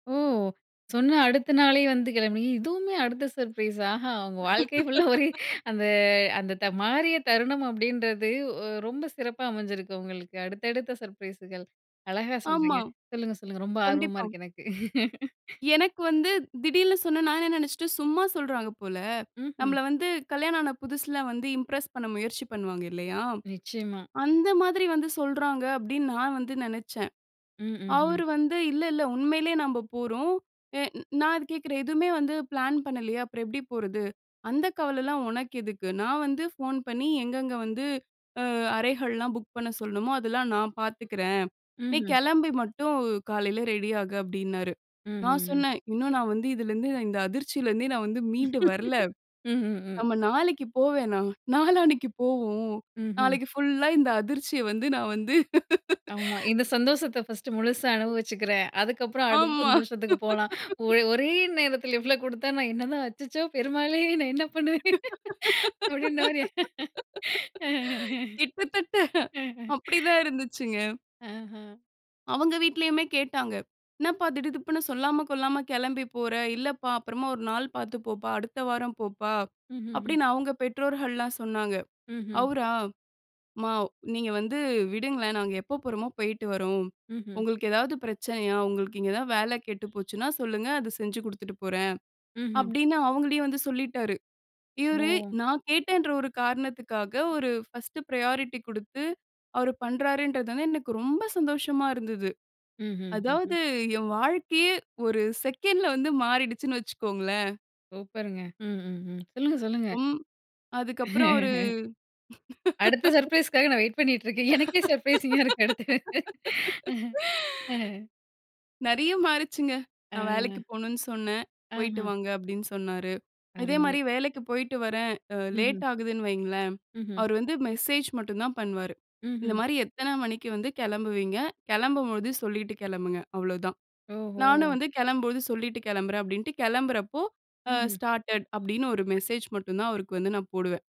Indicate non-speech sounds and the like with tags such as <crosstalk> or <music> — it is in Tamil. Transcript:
ஓ! சொன்ன அடுத்த நாளே வந்து கெளம்பி இதுவுமே அடுத்த சர்ப்ரைஸ். ஆஹா! உங்க வாழ்க்கை ஃபுல்லா ஒரே <laughs> அந்த, அந்த த "மாறிய தருணம்" அப்படீன்றது ஒ ரொம்ப சிறப்பா அமஞ்சிருக்கு உங்களுக்கு. அடுத்தடுத்த சர்ப்ரைஸுகள். அழகா சொல்றீங்க. ஆமா. சொல்லுங்க, சொல்லுங்க. ரொம்ப ஆர்வமா கண்டிப்பா. இருக்கு எனக்கு. <laughs> எனக்கு வந்து திடீர்ன்னு சொன்னா, நான் என்ன நெனச்சுட்டேன், "சும்மா சொல்றாங்க போல. ம்ஹ்ம். நம்பள வந்து கல்யாணம் ஆன புதுசுல வந்து, இம்ப்ரஸ் பண்ண முயற்சி பண்ணுவாங்க இல்லையா? நிச்சயமா. அந்த மாதிரி வந்து சொல்றாங்க." அப்படீன்னு நா வந்து நெனச்சேன். ம். ம்ஹ்ம். அவரு வந்து இல்ல இல்ல, உண்மையிலே நம்ப போறோம். எ நா அத கேக்குறேன், "எதுவுமே வந்து பிளான் பண்ணலையே. அப்பறம் எப்படி போறது?", "அந்த கவலைலாம் உனக்கு எதுக்கு? நா வந்து ஃபோன் பண்ணி எங்கங்க வந்து அ அறைகள்லாம் புக் பண்ண சொல்லணுமோ, அதெல்லாம் நான் பாத்துக்கிறேன். நீ ம்ஹ். கெளம்பி மட்டும் காலையில ரெடி ஆகு." அப்படீன்னாரு. ம்ஹ். நா ம். சொன்னேன், "இன்னும் நா வந்து இதுலிருந்து, இந்த அதிர்ச்சியிலருந்தே நா வந்து மீண்டு வரல. <laughs> ம்ஹ். ம். நம்ம நாளைக்கு போ வேணாம். நாளானைக்கு போவோம். ம்ஹ்ம். நாளைக்கு ஃபுல்லா, இந்த அதிர்ச்சிய வந்து நா வந்து" ஆமா. <laughs> இந்த சந்தோசத்த 1 ஸ்ட்டு முழுசா அனுபவிச்சுக்கிறேன். அதுக்கப்பறம் அடுத்த ஆமா. சந்தோஷத்துக்கு போலாம். <laughs> ஒர் ஒரே நேரத்தில இவ்வளோ குடுத்தா, நான் என்னதான் "அச்சச்சோ! பெருமாளே! நான் என்ன பண்ணுவேன்?" அப்படீன்ன மாரி. <laughs> <laughs> கிட்டத்தட்ட, அ அப்படி <laughs> தான் இருந்துச்சுங்க. அஹ. அவுங்க வீட்லயுமே கேட்டாங்க. "என்னப்பா? திடுதிப்புன்னு சொல்லாம கொள்ளாம கெளம்பி போற. இல்லப்பா, அப்பறமா ஒரு நாள் பார்த்து போப்பா. அடுத்த வாரம் போப்பா." ம்ஹ்ஹ்ம். அப்படீன்னு அவுங்க பெற்றோர்கள்லாம் சொன்னாங்க. ம்ஹ். அவுரா, "அம்மா நீங்க வந்து விடுங்களேன். நாங்க எப்ப போறமோ, போயிட்டு வர்றோம். ம்ஹ். உங்களுக்கு ஏதாவது பிரச்சனையா? உங்களுக்கு இங்க ஏதாவது வேல கெட்டு போச்சுன்னா சொல்லுங்க. அத செஞ்சு குடுத்துட்டு போறேன்." ம்ஹ். அப்படீன்னு அவுங்களையும் வந்து சொல்லிட்டாரு. இவரு ஓ. நா கேட்டேன்ற ஒரு காரணத்துக்காக, ஒரு 1 ஸ்ட்டு பிரையாரிட்டி குடுத்து, அவரு பண்றாருன்றதால எனக்கு ரொம்ப சந்தோஷமா இருந்தது. ம்ஹ். அதாவது, ஹ்ஹ்ம். என் வாழ்க்கையே 1 செகண்ட்ல வந்து மாறிடுச்சுனு வச்சுக்கோங்களேன். சூப்பர்ங்க. ம்ஹ்ஹ்ம். சொல்லுங்க, சொல்லுங்க. உம் அதுக்கப்பறம் அவரு <laughs> அடுத்த <laughs> சர்ப்ரைஸ்க்காக நா வெயிட் பண்ணிட்டுருக்கேன். எனக்கே சர்ப்ரைசிங்கா இருக்கு அடுத்து. அஹ. அ. <laughs> நெறைய மாருச்சுங்க. நா வேலைக்கு அ. போணும்ன்னு சொன்னேன். "போயிட்டு ஆஹா. வாங்க." அப்படீன்னு சொன்னாரு. இதே அருமை. மாரி வேலைக்கு போயிட்டு வரேன், அ ம்ஹ்ம். லேட் ஆகுதுன்னு வைங்களேன். ம்ஹ்ம். அவரு வந்து மெசேஜ் மட்டுந்தான் பண்வாரு. இந்த ம்ஹ்ம். மாரி, "எத்தனை மணிக்கு வந்து கெளம்புவீங்க? கெளம்பும்போது சொல்லீட்டு கெளம்புங்க." அவ்வளோதான். ஓஹோ! நானும் வந்து, "கெளம்பும் போது சொல்லீட்டு கெளம்புறேன்." அப்படீன்ட்டு கெளம்புறப்போ அ ம்ஹ். "ஸ்டார்ட்டட்" அப்படீன்னு 1 மெசேஜ் மட்டுந்தான், அவருக்கு வந்து நா போடுவேன்.